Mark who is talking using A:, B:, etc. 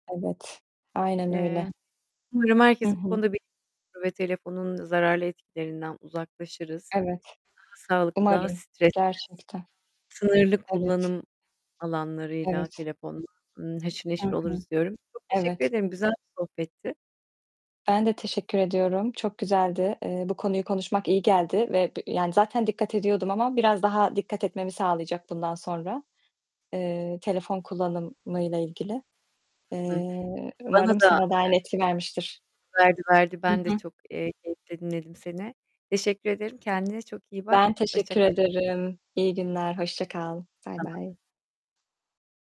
A: Evet, aynen
B: Eee,
A: öyle.
B: umarım
A: Hı
B: herkesi bu
A: hı.
B: konuda [unintelligible] ve telefonun zararlı etkilerinden uzaklaşırız.
A: Evet,
B: Daha sağlıklı daha
A: umarım
B: stressiz.
A: gerçekten.
B: Sınırlı
A: Evet.
B: kullanım alanlarıyla
A: Evet.
B: telefonla, ımm, haşır
A: Hı
B: neşir
A: hı.
B: oluruz diyorum. Çok teşekkür
A: Evet.
B: ederim. Güzel bir sohbetti.
A: Ben de teşekkür ediyorum. Çok güzeldi. Eee, bu konuyu konuşmak iyi geldi ve b yani, zaten dikkat ediyordum ama biraz daha dikkat etmemi sağlayacak bundan sonra, eee, telefon kullanımıyla ilgili.
B: Hı hı.
A: Eee,
B: Bana
A: umarım
B: da,
A: sana da aynı
B: eee
A: etki vermiştir.
B: Verdi, verdi.
A: Hı
B: Ben de
A: hı.
B: çok, eee, keyifle dinledim seni. Teşekkür ederim. Kendine çok iyi bak.
A: Ben
B: Hoşça
A: teşekkür
B: kal.
A: ederim. İyi günler. Hoşça kal. Bay
B: Sana da.
A: bay.